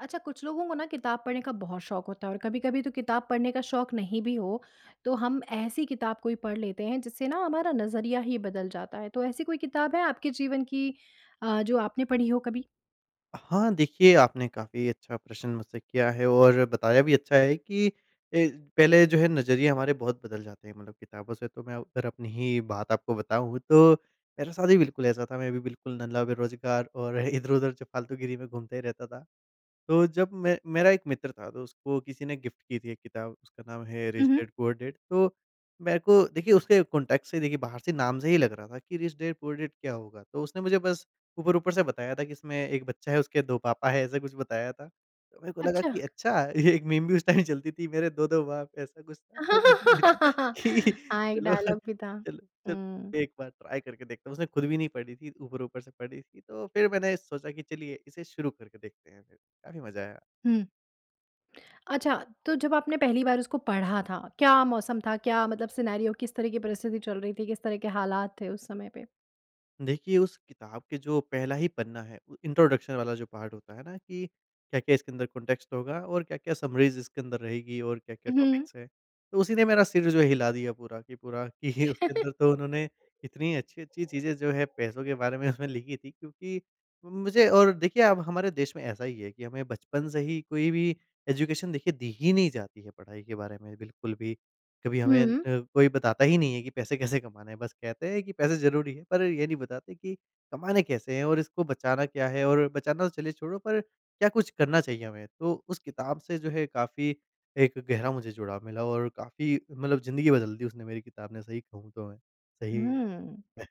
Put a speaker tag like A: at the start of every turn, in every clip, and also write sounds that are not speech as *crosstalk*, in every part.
A: अच्छा, कुछ लोगों को ना किताब पढ़ने का बहुत शौक होता है और कभी-कभी तो किताब पढ़ने का शौक नहीं भी हो, तो हम ऐसी किताब कोई पढ़ लेते हैं जिससे ना हमारा नज़रिया ही बदल जाता है। तो ऐसी कोई किताब है आपके जीवन की अ, जो आपने पढ़ी हो कभी?
B: हाँ, देखिए आपने काफ़ी अच्छा प्रश्न मुझसे किया है और बताया भी अच्छा है कि अ, पहले जो है नज़रिए हमारे बहुत बदल जाते हैं मतलब किताबों से तो मैं अ, अगर अपनी ही बात आपको बताऊँ तो मेरे साथ भी बिल्कुल ऐसा था, मैं भी बिल्कुल नल्ला बेरोज़गार और *chuckles* इधर-उधर जो फ़ालतू गिरी में घूमते ही रहता था। तो जब मैं मेरा एक मित्र था तो उसको किसी ने गिफ्ट की थी एक किताब, उसका नाम है
A: हुँ,
B: रिच
A: हुँ।
B: डैड पुअर डैड तो, मेरको देखिए उसके कॉन्टेक्स्ट से देखिए बाहर से नाम से ही लग रहा था की रिच डैड पुअर डैड क्या होगा? तो उसने मुझे बस ऊपर-ऊपर से बताया था कि इसमें एक बच्चा है, उसके 2 पापा है ऐसा कुछ बताया था। तो मेरे को लगा
A: अच्छा।
B: कि अच्छा! ये एक मीम भी उस टाइम चलती थी मेरे 2-2 बाप, ऐसा कुछ था। *unintelligible*
A: *laughs*
B: कि
A: हाँ, एक
B: चलो,
A: डायलॉग भी था,
B: चलो च
A: हुँ।
B: एक बार ट्राई करके देखता हूँ, उसने खुद भी नहीं पढ़ी थी ऊपर-ऊपर से पढ़ी थी तो फिर मैंने सोचा कि चलिए इसे शुरू करके देखते हैं। काफ़ी मज़ा आया।
A: हुँ। *clicks tongue* अच्छा, तो जब आपने पहली बार उसको पढ़ा था, क्या मौसम था? क्या मतलब सिनेरियो किस तरह की परिस्थिति चल रही थी, किस तरह के हालात थे उस समय पे?
B: देखिए, उस किताब के जो पहला ही पन्ना है उ, इंट्रोडक्शन वाला जो पार्ट होता है न कि क्या-क्या इसके अंदर कॉन्टेक्स्ट होगा और क्या-क्या समरीज़ इसके अंदर रहेगी और
A: उ,
B: क्या-क्या
A: हुँ।
B: टॉपिक्स हैं। तो उसी ने मेरा सिर जो हिला दिया पूरा कि पूरा कि उसके अंदर तो उन्होंने इतनी अच्छी-अच्छी चीजें जो हैं पैसों के बारे में उसमें
A: *chuckles*
B: लिखी थीं। क्योंकि मुझे और देखिए, अब हमारे देश में ऐसा ही है कि हमें बचपन से ही कोई भी एजुकेशन देखिए दी ही नहीं जाती है पढ़ाई के बारे में बिल्कुल भी। कभी हमें अ,
A: हुँ।
B: कोई बताता ही नहीं है कि पैसे कैसे कमाने हैं। बस कहते हैं कि पैसे ज़रूरी हैं पर ये नहीं बताते कि कमाने कैसे हैं और इसको बचाना क्या है और बचाना तो चलिए छोड़ो पर क्या कुछ करना चाहिए हमें। तो उस किताब से जो है काफ़ी एक गहरा मुझे जुड़ाव मिला और काफ़ी मतलब ज़िंदगी बदल दी उसने मेरी किताब ने सही कहूँ तो मैं। सही
A: हुँ।
B: में।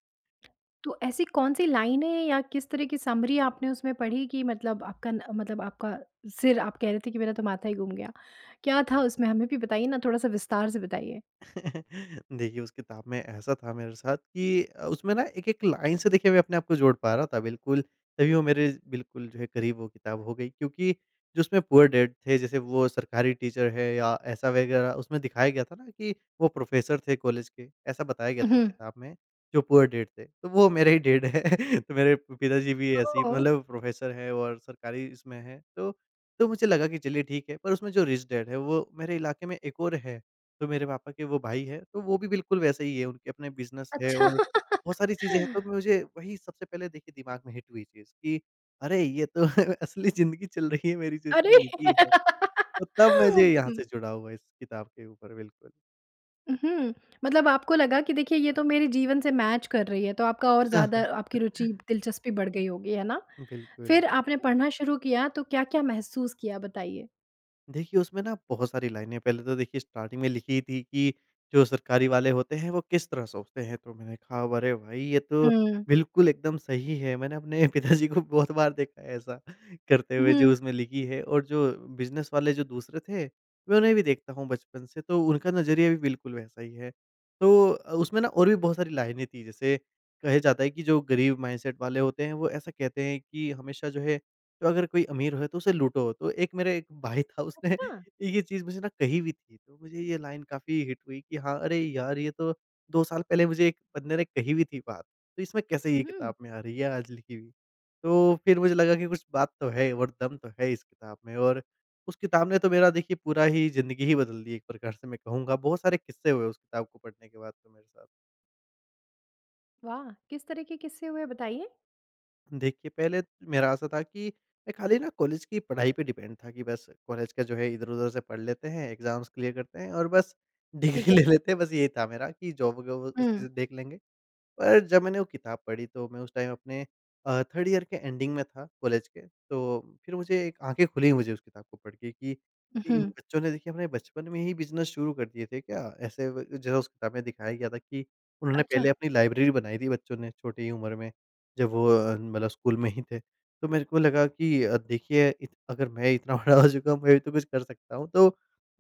A: तो ऐसी कौन-सी लाइनें या किस तरह की समरी आपने उसमें पढ़ी कि मतलब आपका न मतलब आपका सिर आप कह रहे थे कि मेरा तो माथा ही घूम गया? क्या था उसमें हमें भी बताइए ना थोड़ा-सा विस्तार से बताइए?
B: *chuckles* देखिए, उस किताब में ऐसा था मेरे साथ कि अ, उसमें ना एक-एक लाइन से देखिए अपने आप को मैं जोड़ पा रहा था। बिल्कुल तभी वो मेरे बिल्कुल जो है करीब वो किताब हो गई क्योंकि जो उसमें पूअर डैड जैसे वो सरकारी टीचर है या ऐसा वग़ैरह उसमें दिखाया गया था ना कि वो प्रोफेसर थे कॉलेज के ऐसा बताया गया
A: उ,
B: था उस
A: हुँ।
B: किताब में जो पूअर डैड थे। तो वो मेरे ही डैड हैं। तो मेरे पिताजी भी
A: अ ओ
B: ऐसे ही
A: उम
B: मतलब प्रोफ़ेसर हैं और सरकारी इसमें हैं तो तो मुझे लगा कि चलिए ठीक है पर उसमें जो रिच डैड है वो मेरे इलाके में एक और है तो मेरे पापा के वो भाई हैं तो वो भी बिल्कुल वैसे ही हैं उनके अपने बिज़नेस हैं
A: अच्छा।
B: और बहुत सारी चीजें हैं तो
A: *laughs*
B: मुझे वही सबसे पहले देखिए दिमाग में हिट हुई चीज़ कि अरे! ये तो असली ज़िंदगी चल रही है मेरी जो
A: अरे!
B: इसमें लिखी है
A: *laughs*
B: और तब मुझे यहाँ
A: हुँ।
B: से जुड़ाव हुआ इस किताब के ऊपर बिल्कुल।
A: उ, हुँ। मतलब आपको लगा कि देखिए, ये तो मेरे जीवन से मैच कर रही है तो आपका और ज़्यादा आपकी रुचि
B: *chuckles*
A: दिलचस्पी बढ़ गई होगी है ना?
B: बिल्कुल।
A: फिर आपने पढ़ना शुरू किया तो क्या-क्या महसूस किया बताइए?
B: देखिए, उसमें ना बहुत सारी लाइनें पहले तो देखिए स्टार्टिंग में लिखी ही थी कि जो सरकारी वाले होते हैं वो किस तरह सोचते हैं तो मैंने कहा "अरे! भाई ये तो
A: हुँ।
B: बिल्कुल एकदम सही है" मैंने अपने पिताजी को बहुत बार देखा है ऐसा करते हुए जो
A: हुँ।
B: उसमें लिखी है और जो बिज़नेस वाले जो दूसरे थे उन्होंने भी देखता हूँ बचपन से। तो उनका नज़रिया भी बिल्कुल वैसा ही है तो अ, उसमें न और भी बहुत सारी लाइनें थीं जैसे कहे जाता है कि जो गरीब माइंडसेट वाले होते हैं वो ऐसा कहते हैं कि हमेशा जो है तो अगर कोई अमीर है तो उसे लूटो। तो एक मेरे एक भाई था उसने
A: अच्छा!
B: ये चीज़ मुझे ना कहीं भी थी तो मुझे ये लाइन काफ़ी हिट हुई कि हाँ अरे! यार ये तो 2 साल पहले मुझे एक बंदे ने कही भी थी बात। तो इसमें कैसे ये
A: हुँ।
B: किताब में आ रही है आज लिखी हुई। तो फिर मुझे लगा कि कुछ बात तो है और दम तो है इस किताब में और उस किताब ने तो मेरा देखिए पूरा ही ज़िंदगी ही बदल दी एक प्रकार से मैं कहूँगा। बहुत सारे किस्से हुए उस किताब को पढ़ने के बाद तो मेरे साथ।
A: वाह! किस तरह के किस्से हुए बताइए?
B: देखिए, पहले मेरा ऐसा था कि मैं खाली ना कॉलेज की पढाई पर डिपेंड था कि बस कॉलेज का जो है इधर-उधर से पढ़ लेते हैं, एग्ज़ॅाम्स क्लियर करते हैं और बस
A: ठीक
B: डिग्री
A: है।
B: ले लेते हैं बस ये था मेरा कि जॉब ग व उसी
A: हुँ।
B: से देख लेंगे। पर जब मैंने वो किताब पढ़ी तो मैं उस टाइम अपने अ, 3rd ईयर के एंडिंग में था कॉलेज के तो फिर मुझे एक आँखें खुली मुझे उस किताब को पढ़ के कि
A: उ,
B: इन
A: हुँ।
B: बच्चों ने देखिए अपने बचपन में ही बिज़नेस शुरू कर दिए थे क्या? ऐसे व जो उस किताब में दिखाया गया था कि उन्होंने
A: अच्छा।
B: पहले अपनी लाइब्रेरी बनाई थी बच्चों ने छोटी उम्र में जब वो अ, मतलब स्कूल में ही थे। तो मेरे को लगा कि अ, देखिए इत अगर मैं इतना बड़ा हो चुका हूँ मैं भी तो कुछ कर सकता हूँ। तो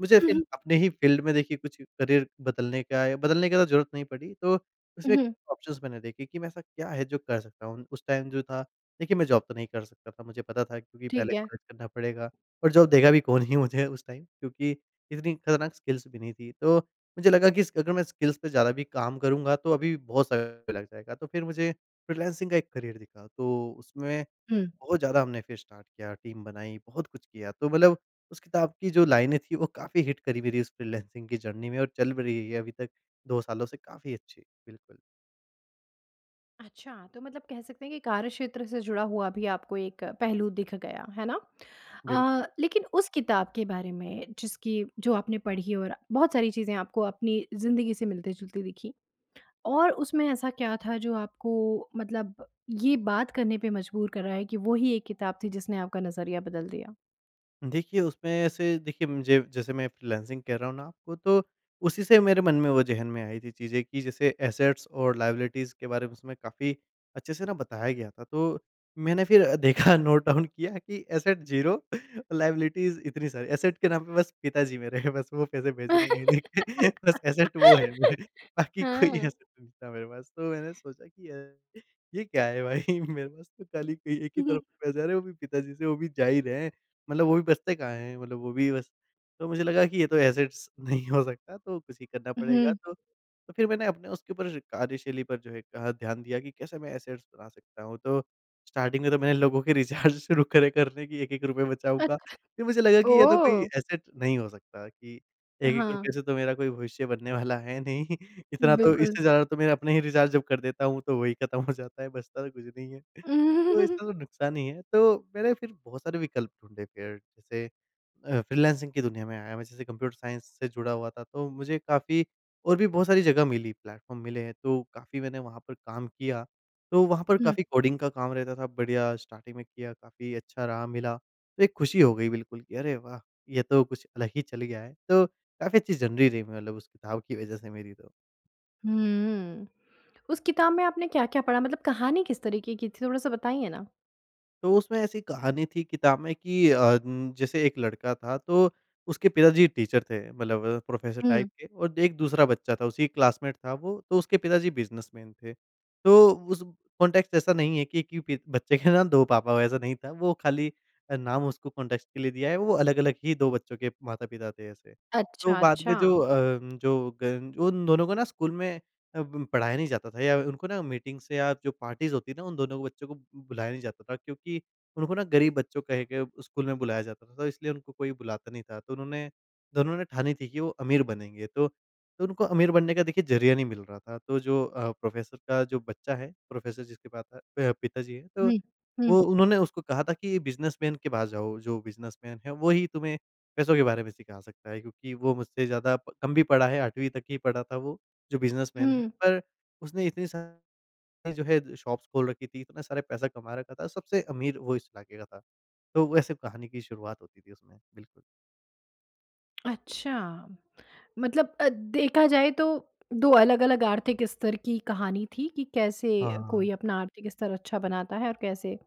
B: मुझे
A: उ,
B: फिर
A: हुँ।
B: अपने ही फ़ील्ड में देखिए कुछ करियर बदलने का य बदलने की तो ज़रूरत नहीं पड़ी तो
A: उ,
B: उसमें ही
A: हुँ।
B: ऑप्शन्स मैंने देखे कि मैं ऐसा क्या है जो कर सकता हूँ उस टाइम जो था लेकिन मैं जॉब तो नहीं कर सकता था मुझे पता था क्योंकि पहले
A: ठीक है।
B: कॉलेज करना पड़ेगा और जॉब देगा भी कौन ही मुझे उस टाइम क्योंकि इतनी खतरनाक स्किल्स भी नहीं थी। तो मुझे लगा कि इस अगर मैं स्किल्स पे ज़्यादा भी काम करूँगा तो अभी बहुत सारा लग जाएगा तो फिर मुझे फ्रीलांसिंग का एक करियर दिखा। तो उसमें
A: हुँ।
B: बहुत ज़्यादा हमने फिर स्टार्ट किया टीम बनाई बहुत कुछ किया तो मतलब उस किताब की जो लाइनें थीं वो काफ़ी हिट करीं मेरी इस फ्रीलांसिंग की जर्नी में और चल भी रही है अभी तक 2 सालों से काफ़ी अच्छी। बिल्कुल।
A: अच्छा! तो मतलब कह सकते हैं कि कार्य क्षेत्र से जुड़ा हुआ अभी आपको एक पहलू दिख गया, है ना? अ,
B: बिल्कुल।
A: लेकिन उस किताब के बारे में जिसकी जो आपने पढ़ी और बहुत सारी चीज़ें आपको अपनी ज़िंदगी से मिलती-जुलती दिखीं और उसमें ऐसा क्या था जो आपको मतलब ये बात करने पे मजबूर कर रहा है कि वो ही एक किताब थी जिसने आपका नज़रिया बदल दिया?
B: देखिए, उसमें ऐसे देखिए मुझे जैसे मैं फ्रीलांसिंग कर रहा हूँ ना वो तो उसी से मेरे मन में, वो ज़हन में आई थी चीज़ें कि जैसे एसेट्स और लायबिलिटीज़ के बारे में उसमें काफ़ी अच्छे से न बताया गया था। तो मैंने फिर अ, देखा नोट डाउन किया कि एसेट ज़ीरो और लायबिलिटीज़ इतनी सारी, एसेट के नाम पे बस पिताजी मेरे हैं बस वो पैसे भेज रहे हैं महीने के। बस एसेट वो है मेरे
A: *giggles*
B: बाकी कोई
A: हाँ।
B: एसेट नहीं था मेरे पास। तो मैंने सोचा कि ये ये क्या है भाई? मेरे पास तो खाली एक
A: उ,
B: ही
A: हुँ।
B: तरफ़ से पैसे आ रहे हैं वो भी पिताजी से वो भी जा ही रहे हैं। मतलब वो भी बचते कहाँ हैं? मतलब वो भी बस तो मुझे लगा कि ये तो एसेट्स नहीं हो सकता तो कुसी करना पड़ेगा।
A: हुँ।
B: तो फिर मैंने अपने उसके ऊपर कार्यशैली पर जो है कहा ध्यान दिया कि कैसे मैं एसेट्स बना सकता हूँ तो स्टार्टिंग में तो मैंने लोगों के रिचार्ज शुरू करे करने कि एक-एक रुपए बचाऊँगा।
A: अच्छा,
B: फिर मुझे लगा कि ये तो कोई
A: ओह!
B: एसेट नहीं हो सकता कि
A: अ,
B: 1-1
A: हाँ।
B: रुपए से तो मेरा कोई भविष्य बनने वाला है नहीं। इतना तो
A: बिल्कुल।
B: इससे ज़्यादा तो मैं अपने ही रिचार्ज जब कर देता हूँ तो वही ख़त्म हो जाता है बचता तो कुछ नहीं है। तो
A: *laughs*
B: इससे तो नुकसान ही है। तो मैंने फिर बहुत सारे विकल्प ढूँढ़ने फिर जैसे अ, फ्रीलांसिंग की दुनिया में आया मै जैसे कंप्यूटर साइंस से जुड़ा हुआ था तो मुझे काफ़ी और भी बहुत सारी जगह मिली, प्लेटफार्म मिले। तो काफ़ी मैंने वहाँ पर काम किया तो वहाँ पर
A: हुँ।
B: काफ़ी कोडिंग का काम रहता था बढ़िया स्टार्टिंग में किया काफ़ी अच्छा रहा मिला तो एक खुशी हो गई बिल्कुल कि अरे वाह! ये तो कुछ अलग ही चल गया है तो काफ़ी अच्छी जर्नी रही मतलब उस किताब की वजह से मेरी तो।
A: हुँ। उस किताब में आपने क्या-क्या पढ़ा मतलब कहानी किस तरीके की थी, थोड़ा-सा बताइए ना?
B: तो उसमें ऐसी कहानी थी किताब में कि अ, जैसे एक लड़का था तो उसके पिताजी टीचर थे मतलब अ, प्रोफ़ेसर टाइप
A: हुँ।
B: के और एक दूसरा बच्चा था उसी क्लासमेट था वो तो उसके पिताजी बिज़नेसमैन थे। तो उस कॉन्टेक्स्ट ऐसा नहीं है कि कि बच्चे के ना 2 पापा वैसा नहीं था वो खाली अ, नाम उसको कॉन्टेक्स्ट के लिए दिया है वो अलग-अलग ही 2 बच्चों के माता-पिता थे ऐसे। तो
A: अच्छा,
B: बाद
A: अच्छा।
B: में जो अ, जो ग उन दोनों को ना स्कूल में अ, ब पढ़ाया नहीं जाता था या उनको ना मीटिंग्स या जो पार्टीज़ होती हैं ना उन दोनों को बच्चों को बुलाया नहीं जाता था क्योंकि उनको ना गरीब बच्चों कह के स्कूल में बुलाया जाता था तो इसलिए उनको कोई बुलाता नहीं था। तो उन्होंने दोनों ने ठानी थी कि वो अमीर बनेंगे तो तो उनको अमीर बनने का देखिए ज़रिया नहीं मिल रहा था। तो जो अ, प्रोफ़ेसर का जो बच्चा है प्रोफ़ेसर जिसके पाता प पिताजी हैं तो
A: हुँ। हुँ।
B: वो उन्होंने उसको कहा था कि ये बिज़नेसमैन के पास जाओ जो बिज़नेसमैन है वही तुम्हें पैसों के बारे में सिखा सकता है क्योंकि वो मुझसे ज़्यादा प कम भी पड़ा है 8वीं तक ही पड़ा था वो जो बिज़नेसमैन है
A: हुँ।
B: पर उसने इतनी सा जो है शॉप्स खोल रखी थी, इतना सारे पैसा कमा रखा था। सबसे अमीर वो इस इलाके का था। तो वैसे कहानी की शुरुआत होती थी उसमें बिल्कुल।
A: अच्छा! मतलब अ, देखा जाए तो दो अलग-अलग आर्थिक स्तर की कहानी थी कि कैसे कोई
B: हाँ।
A: अपना आर्थिक स्तर अच्छा बनाता है और कैसे,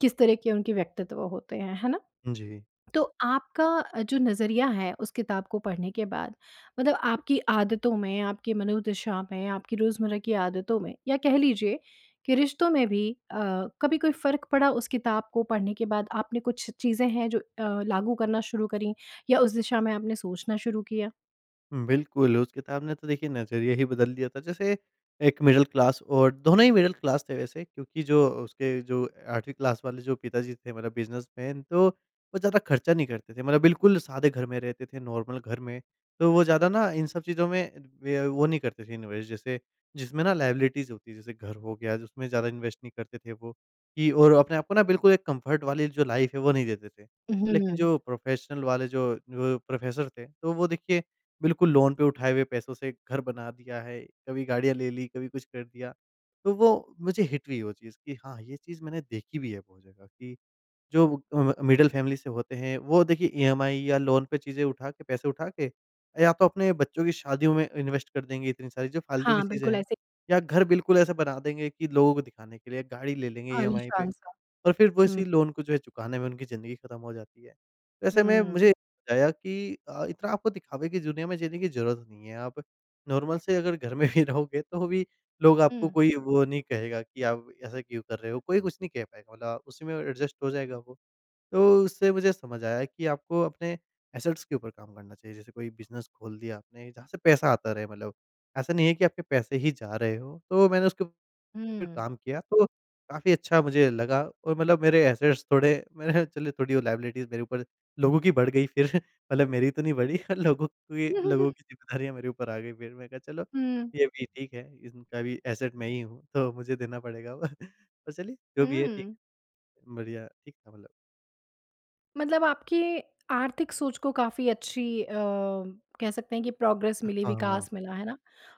A: किस तरह के उनके व्यक्तित्व होते हैं ना?
B: जी।
A: तो आपका जो नज़रिया है उस किताब को पढ़ने के बाद मतलब आपकी आदतों में, आपकी मनोदशा में, आपकी रोज़मर्रा की आदतों में या कह लीजिए कि रिश्तों में भी अ, कभी कोई फ़र्क पड़ा उस किताब को पढ़ने के बाद आपने कुछ चीजें हैं जो अ, लागू करना शुरू करीं या उस दिशा में आपने सोचना शुरू किया?
B: बिल्कुल उस किताब ने तो देखिए नज़रिया ही बदल दिया था जैसे एक मिडल क्लास और दोनों ही मिडल क्लास थे वैसे क्योंकि जो उसके जो 8वीं क्लास वाले जो पिताजी थे मतलब बिज़नेसमैन तो वो ज़्यादा ख़र्चा नहीं करते थे। मतलब बिल्कुल सादे घर में रहते थे, नॉर्मल घर में तो वो ज़्यादा ना इन सब चीज़ों में वे अ, वो नहीं करते थे इन्वेस्ट जैसे जिसमें ना लायबिलिटीज़ होती है जैसे घर हो गया जिसमें ज़्यादा इन्वेस्ट नहीं करते थे वो कि और अपने आप को ना बिल्कुल एक कंफर्ट वाली जो लाइफ़ है वो नहीं देते थे।
A: उ,
B: लेकिन
A: हुँ।
B: जो प्रोफ़ेशनल वाले जो अ, प्रोफ़ेसर थे तो वो देखिए बिल्कुल लोन पे उठा हुए पैसों से घर बना दिया है, कभी गाड़ियाँ ले लीं, कभी कुछ कर दिया। तो वो मुझे हिट हुई वो चीज़ कि हाँ ये चीज़ मैंने देखी भी है बहुत जगह कि जो वो क म मिडल फ़ैमिली से होते हैं वो देखिए ईएमआई या लोन पे चीज़ें उठाके पैसे उठाके या तो अपने बच्चों की शादियों में इन्वेस्ट कर देंगे इतनी सारी जो फ़ालतू की
A: हाँ,
B: चीजें
A: बिल्कुल
B: हैं
A: ऐसे।
B: या घर बिल्कुल ऐसा बना देंगे कि लोगों को दिखाने के लिए, गाड़ी ले लेंगे ईएमआई पे
A: आलीशान-सा,
B: और फिर
A: हुँ।
B: उसी लोन को जो चुकाने में उनकी ज़िंदगी ख़त्म हो जाती है। तो ऐसे में
A: हुँ।
B: मुझे बताया कि अ, इतना आपको दिखावे की दुनिया में जीने की ज़रूरत नहीं है। आप नॉर्मल से अगर घर में ही रहोगे तो भी लोग आपको
A: हुँ।
B: कोई वो नहीं कहेगा कि आप ऐसा क्यों कर रहे हो। कोई कुछ नहीं कह पाएगा मतलब उसी में ऐडजस्ट हो जाएगा वो तो उससे मुझे समझ आया कि आपको अपने एसेट्स के ऊपर कम करना चाहिए जैसे कोई बिज़नेस खोल दिया आपने जहाँ से पैसा आता रहे मतलब ऐसा नहीं है कि आपके पैसे ही जा रहे हो। तो मैंने उसके फिर
A: हुँ।
B: काम किया तो काफ़ी अच्छा मुझे लगा और मतलब मेरे एसेट्स थोडे मैंने ह चलो थोड़ी लायबिलिटीज़ मेरे ऊपर लोगों की बढ़ गई फिर। मतलब मेरी तो नहीं बढ़ी पर लोगों की लोगों
A: *chuckles*
B: की ज़िम्मेदारियाँ मेरे ऊपर आ गईं फिर। मैंने कहा चलो
A: हुँ।
B: ये भी ठीक है इनका भी एसेट मैं ही हूँ तो मुझे देना पड़ेगा अब। *chuckles* तो चलिए जो भी है ठीक।
A: हुँ।
B: बढ़िया ठीक था मतलब।
A: मतलब आपकी आर्थिक सोच को काफ़ी अच्छी अ, कह सकते हैं कि प्रोग्रेस मिली,
B: हाँ।
A: विकास मिला है ना।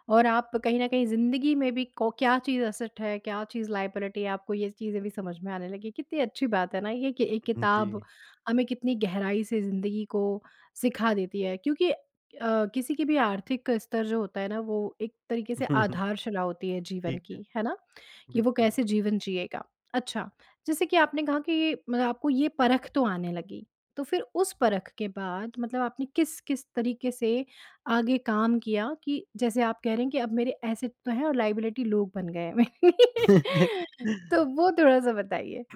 A: और आप कहीं न कहीं ज़िंदगी में भी को क्या चीज़ एसेट है, क्या चीज़ लायबिलिटी आपको ये चीज़ें भी समझ में आने लगी। कितनी अच्छी बात है ना, ये कि एक किताब
B: जी।
A: हमें कितनी गहराई से ज़िंदगी को सिखा देती है। क्योंकि अ, किसी की भी आर्थिक स्तर जो होता है ना, वो एक तरीके से
B: *chuckles*
A: आधारशिला होती है जीवन
B: ठीक
A: की,
B: है।
A: है ना? कि वो
B: बिल्कुल।
A: कैसे जीवन जिएगा। अच्छा, जैसे कि आपने कहा कि मतलब आपको ये परख तो आने लगी, तो फिर उस परख के बाद मतलब आपने किस-किस तरीके से आगे काम किया कि जैसे आप कह रहे हैं कि अब मेरे एसेट तो है और लायबिलिटी लोग बन गए हैं। *laughs* तो
B: *laughs*
A: वो थोड़ा-सा बताइए।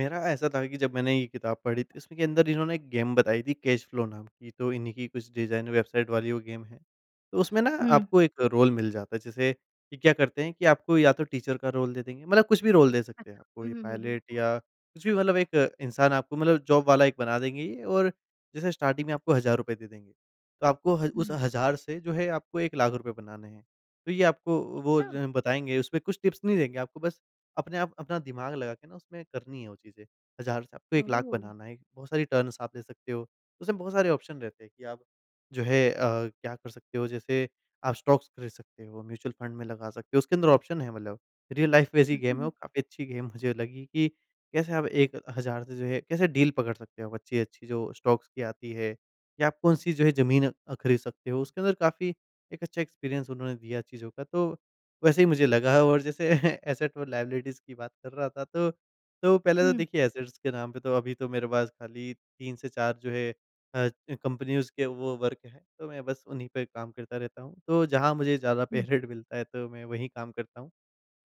B: मेरा ऐसा तो है कि जब मैंने ये किताब पढ़ी थी इसमें के अंदर इन्होंने गेम बताई थी कैश फ्लो नाम की, तो इन्ही की कुछ डिज़ाइन वेबसाइट वाली वो गेम है। उसमें ना
A: हुँ।
B: आपको एक रोल मिल जाता है जैसे कि क्या करते हैं कि आपको या तो टीचर का रोल दे देंगे मतलब कुछ भी रोल दे सकते
A: अच्छा।
B: हैं
A: हुँ,
B: कोई
A: हुँ, हुँ, हुँ।
B: पायलट या कुछ भी मतलब एक इंसान आपको मतलब जॉब वाला एक बना देंगे ये और जैसा स्टार्टिंग में आपको हज़ार रुपए दे देंगे तो आपको हज़ उस
A: हुँ।
B: हज़ार से जो है आपको 1 लाख रुपए बनाने हैं। तो ये आपको वो
A: अच्छा।
B: ज बताएँगे उसपे कुछ टिप्स नहीं देंगे आपको बस अपने आप अपना दिमाग लगा के ना उसमें करनी है वो चीज़े। हज़ार से आपको 1 लाख
A: ओह।
B: बनाना है। बहुत सारी टर्न्स आप ले सकते हो, उसमे बहुत सारे ऑप्शन रहते हैं कि आप जो है अ, क्या कर सकते हो जैसे आप स्टॉक्स ख़रीद सकते हो, म्यूच्यूअल फंड में लगा सकते हो, उसके अंदर ऑप्शन है मतलब रियल लाइफ़ बेस ही
A: उहुँ,
B: गेम है,
A: हुँ।
B: वो काफ़ी अच्छी गेम मुझे लगी कि कैसे हम 1 से जो है कैसे डील पकड़ सकते हैं वो अच्छी-अच्छी जो स्टॉक्स की आती है, कि आप कौन-सी जो है ज़मीन अ, ख़रीद सकते हो, उसके अंदर काफ़ी एक अच्छा एक्सपीरियंस उन्होंने दिया चीज़ों का। तो वैसे ही मुझे लगा और जैसे *chuckles* एसेट और लायबिलिटीज़ की बात कर रहा था तो तो पहले तो
A: हुँ।
B: देखिए एसेट्स के नाम पे तो अभी तो मेरे पास खाली 3 से 4 जो है अ, कंपनीज़ के वो वर्क है तो मैं बस उन्ही पे कम करता रहता हूँ। तो जहाँ मुझे ज़्यादा पे
A: हुँ।
B: रेट मिलता है तो मैं वहीं काम करता हूँ।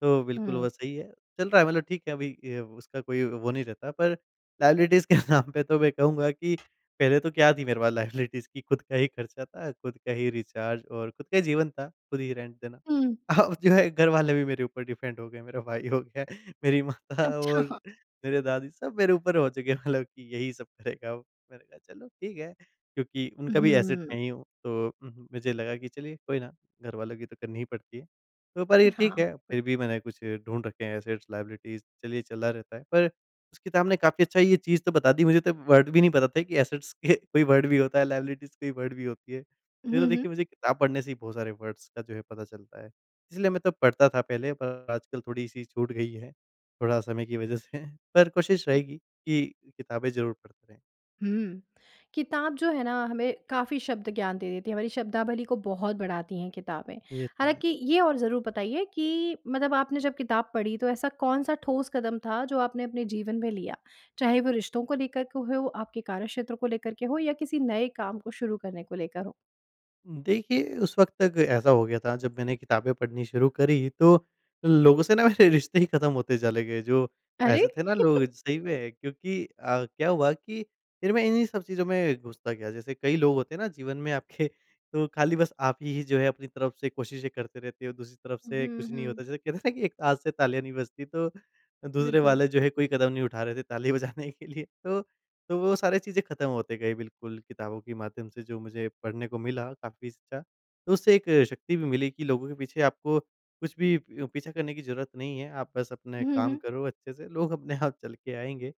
B: तो बिल्कुल
A: हुँ।
B: वो सही है चल रहा है मतलब ठीक है अभी अ, उसका कोई वो नहीं रहता। पर लायबिलिटीज़ के नाम पे तो मैं कहूँगा कि पहले तो क्या थी मेरे पास लायबिलिटीज़ कि खुद का ही खर्चा था, खुद का ही रिचार्ज और खुद का ही जीवन था खुद ही रेंट देना।
A: हुँ।
B: अब जो है घर वाले भी मेरे ऊपर डिपेंड हो गए मेरा भाई हो गया, मेरी माता
A: अच्छा।
B: और
A: हाँ।
B: मेरे दादी सब मेरे ऊपर हो चुके हैं। मतलब कि यही सब करेगा, अब मैंने कहा चलो ठीक है। क्योंकि उनका भी एसेट
A: हुँ।
B: मैं ही हूँ। तो हुँ हुँ मुझे लगा कि चलिए कोई ना घरवालों की तो करनी ही पड़ती है। तो पर ये
A: हाँ,
B: ठीक है
A: बिल्कुल।
B: फिर भी मैंने कुछ ढूँढ रखे हैं एसेट्स लायबिलिटीज़ चलिए चला रहता है। पर उसके सामने काफ़ी अच्छा ये चीज़ तो बता दी मुझे तो वर्ड भी नहीं पता था कि असेट्स के कोई वर्ड भी होता है लायबिलिटीज़ कोई वर्ड भी होती है। ये
A: हुँ,
B: तो देखिये
A: हुँ।
B: मुझे किताब पढ़ने से ही बहुत सारे वर्ड्स का जो है पता चलता है, इसलिए मैं तब पढ़ता था पहले पर आजकल थोड़ी-सी छूट गई है, थोड़ा समय की वज़ह से पर कोशिश रहेगी कि किताबें ज़रूर पढ़ते रहे।
A: हुँ। किताब जो है ना, हमें काफ़ी शब्द ज्ञान दे देती है, हमारी शब्दावली को बहुत बढ़ाती हैं किताबें।
B: ये तो है।
A: हालाँकि ये और ज़रूर बताइए कि मतलब आपने जब किताब पढ़ी तो ऐसा कौन-सा ठोस कदम था जो आपने अपने जीवन में लिया? चाहे वो रिश्तों को लेकर के हो, आपके कार्यक्षेत्र को लेकर के हो या किसी नए काम को शुरू करने को लेकर हो।
B: उम, देखिए उस वक़्त तक ऐसा हो गया था जब मैंने किताबें पढ़नी शुरू करी तो, लोगों से ना मेरे रिश्ते ही ख़त्म होते चले गए। जो
A: अरे!
B: ऐसे थे ना लोग
A: *chuckles*
B: सही में क्योंकि अ, क्या हुआ कि फिर मैं इन्हीं सब चीज़ों में घुसता गया। जैसे कई लोग होते हैं ना, जीवन में आपके तो खाली बस आप ही जो है अपनी तरफ से कोशिशें करते रहते हो दूसरी तरफ से
A: उहुँ,
B: कुछ नहीं
A: हुँ।
B: होता। जैसे कहते है ना कि एक हाथ से तालियाँ नहीं बजती तो दूसरे
A: बिल्कुल।
B: वाले जो है कोई कदम नहीं उठा रहे थे ताली बजाने के लिए। तो तो वो सारी चीज़े ख़त्म होते गए बिल्कुल किताबों के माध्यम से जो मुझे पढ़ने को मिला काफ़ी अच्छा, तो उससे एक शक्ति भी मिली कि लोगों के पीछे आपको कुछ भी प पीछा करने की ज़रूरत नहीं है। आप बस अपने
A: हुँ,
B: कम
A: हुँ।
B: करो अच्छे से लोग अपने आप चल के आएँगे।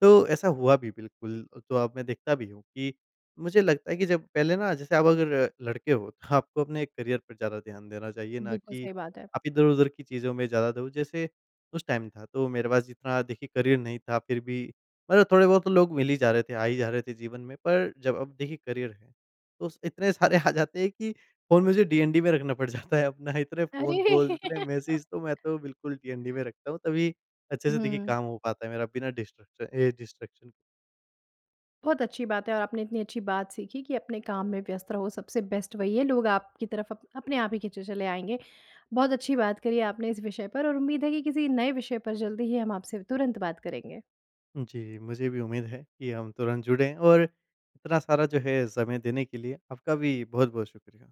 B: तो ऐसा हुआ भी बिल्कुल तो अब मैं देखता भी हूँ कि मुझे लगता है कि जब पहले ना जैसे आप अगर लड़के हो तो आपको अपने करियर पर ज़्यादा ध्यान देना चाहिए ना
A: बिल्कुल
B: कि
A: सही बात है।
B: आप इधर-उधर की चीज़ों में ज़्यादा दो। जैसे उस टाइम था तो मेरे पास जितना देखिए करियर नहीं था फिर भी मतलब थोड़े-बहुत तो लोग मिली जा रहे थे, आ ही जा रहे थे जीवन में पर जब अब देखिए करियर है तो स इतने सारे आ जाते हैं कि फ़ोन मुझे डीएनडी पे रखना पड़ जाता है अपना। इतने फ़ोन
A: अरे!
B: कॉल्स, इतने मैसेज तो
A: *laughs*
B: मैं तो बिल्कुल डीएनडी में रखता हूँ तभी अच्छे से देखिए
A: हुँ।
B: काम हो पता है मेरा बिना डिस्ट्रक्शन ए डिस्ट्रैक्शन।
A: बहुत अच्छी बात है। और आपने इतनी अच्छी बात सीखी कि अपने कम में व्यस्त रहो सबसे बेस्ट वही है। लोग आपकी तरफ अप अपने आप ही खींचे चले आएँगे। बहुत अच्छी बात करी आपने इस विषय पर और उम्मीद है की किसी नए विषय पर ज़ल्दी ही हम आपसे तुरंत बात करेंगे।
B: जी। मुझे भी उम्मीद है कि हम तुरंत जुड़े और इतना सारा जो है समय देने के लिए, आपका भी बहुत-बहुत शुक्रिया।